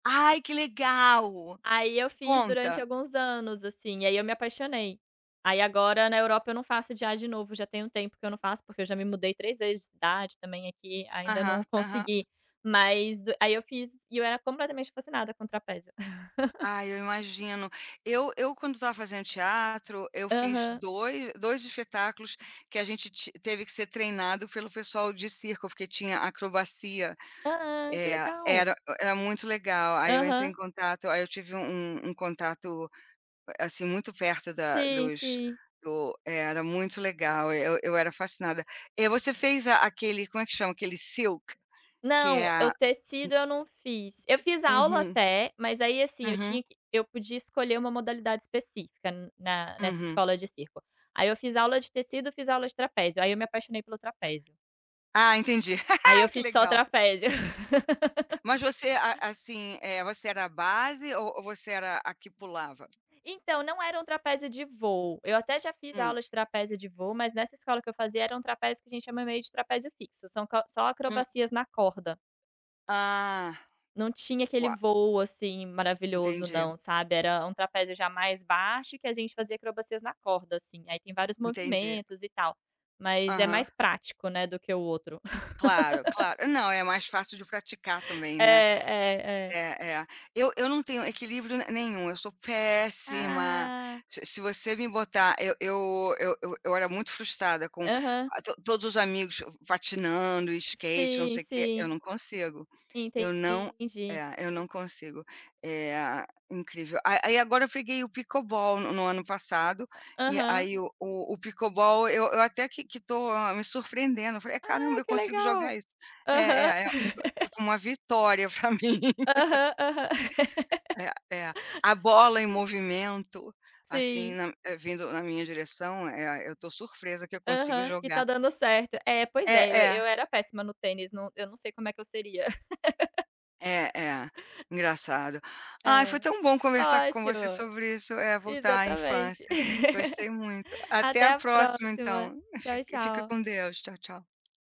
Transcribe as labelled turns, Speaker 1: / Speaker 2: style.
Speaker 1: Ai, que legal!
Speaker 2: Aí eu fiz durante
Speaker 1: Conta.
Speaker 2: alguns anos, assim. Aí eu me apaixonei. Aí, agora, na Europa, eu não faço já de novo, já tem um tempo que eu não faço, porque eu já me mudei 3 vezes de cidade também aqui, ainda
Speaker 1: Aham,
Speaker 2: não
Speaker 1: aham.
Speaker 2: consegui, mas do aí eu fiz e eu era completamente fascinada com trapézio.
Speaker 1: Ai, eu imagino. Eu eu, quando estava fazendo teatro, eu fiz
Speaker 2: Aham.
Speaker 1: 2- 2 espetáculos que a gente ti teve que ser treinado pelo pessoal de circo, porque tinha acrobacia.
Speaker 2: Ah, que
Speaker 1: Eh,
Speaker 2: legal!
Speaker 1: era era muito legal. Aí eu entrei em
Speaker 2: Aham.
Speaker 1: contato aí eu tive um um contato, assim, muito perto da
Speaker 2: Sim,
Speaker 1: dos
Speaker 2: sim.
Speaker 1: do era muito legal! Eu eu era fascinada. E você fez a aquele, como é que chama? Aquele silk, que
Speaker 2: Não,
Speaker 1: é
Speaker 2: o
Speaker 1: a
Speaker 2: tecido eu não fiz. Eu fiz
Speaker 1: u
Speaker 2: aula
Speaker 1: Uhum.
Speaker 2: até, mas aí, assim, eu
Speaker 1: Uhum.
Speaker 2: tinha q eu podia escolher uma modalidade específica n na nessa
Speaker 1: Uhum.
Speaker 2: escola de circo. Aí eu fiz aula de tecido, fiz aula de trapézio, aí eu me apaixonei pelo trapézio.
Speaker 1: Ah, entendi,
Speaker 2: Aí eu
Speaker 1: que
Speaker 2: fiz só
Speaker 1: legal!
Speaker 2: trapézio.
Speaker 1: Mas você, a assim, eh, você era a base ou ou você era a que pulava?
Speaker 2: Então, não era um trapézio de voo. Eu até já fiz
Speaker 1: Hum.
Speaker 2: aula de trapézio de voo. Mas nessa escola que eu fazia, era um trapézio que a gente chama ele de trapézio fixo, só são co só
Speaker 1: Hum.
Speaker 2: acrobacias na corda.
Speaker 1: Ah,
Speaker 2: Não tinha aquele
Speaker 1: uau
Speaker 2: voo, assim, maravilhoso
Speaker 1: Entendi.
Speaker 2: não, sabe. Era um trapézio já mais baixo que a gente fazia acrobacias na corda, assim. Aí tem vários
Speaker 1: Entendi.
Speaker 2: movimentos e tal, mas é
Speaker 1: Aham.
Speaker 2: mais prático, né, do que o outro.
Speaker 1: Claro, claro. Não, é mais fácil de praticar também,
Speaker 2: É,
Speaker 1: né.
Speaker 2: é, é.
Speaker 1: É, é. Eu eu não tenho equilíbrio ne nenhum. Eu sou péssima,
Speaker 2: Ah!
Speaker 1: se se você me botar eu eu eu eu eu era muito frustrada com
Speaker 2: Aham.
Speaker 1: a to todos os amigos f patinando, skate, não
Speaker 2: Sim,
Speaker 1: sei o quê, eu
Speaker 2: sim.
Speaker 1: não consigo, eu não
Speaker 2: Entendi.
Speaker 1: é, eu não consigo. Eh, incrível. A a aí, agora, eu peguei o pickleball no no ano passado, e
Speaker 2: Aham.
Speaker 1: aí o o pickleball eu eu até que que tô me surpreendendo. Falei: "Caramba,
Speaker 2: Ah,
Speaker 1: eu
Speaker 2: que
Speaker 1: consigo jogar
Speaker 2: legal!
Speaker 1: isso". É, é,
Speaker 2: Aham.
Speaker 1: é. F foi uma vitória pra mim.
Speaker 2: Aham, aham.
Speaker 1: É, é. A bola em movimento, assim,
Speaker 2: Sim.
Speaker 1: na eh, vindo na minha direção. Eh, eu tô surpresa que eu consigo
Speaker 2: Aham. Que tá
Speaker 1: jogar.
Speaker 2: dando certo. É, pois é,
Speaker 1: É,
Speaker 2: eu
Speaker 1: é.
Speaker 2: eu era péssima no tênis, no eu não sei como é que eu seria.
Speaker 1: É, é, engraçado. Ai, foi
Speaker 2: É,
Speaker 1: tão bom conversar com você
Speaker 2: ótimo.
Speaker 1: sobre isso. Eh, voltar à
Speaker 2: Exatamente.
Speaker 1: infância. Gostei muito. Até
Speaker 2: Até
Speaker 1: a
Speaker 2: a
Speaker 1: próxima,
Speaker 2: próxima.
Speaker 1: então.
Speaker 2: Tchau,
Speaker 1: Fi fica
Speaker 2: tchau.
Speaker 1: com Deus. Tchau, tchau.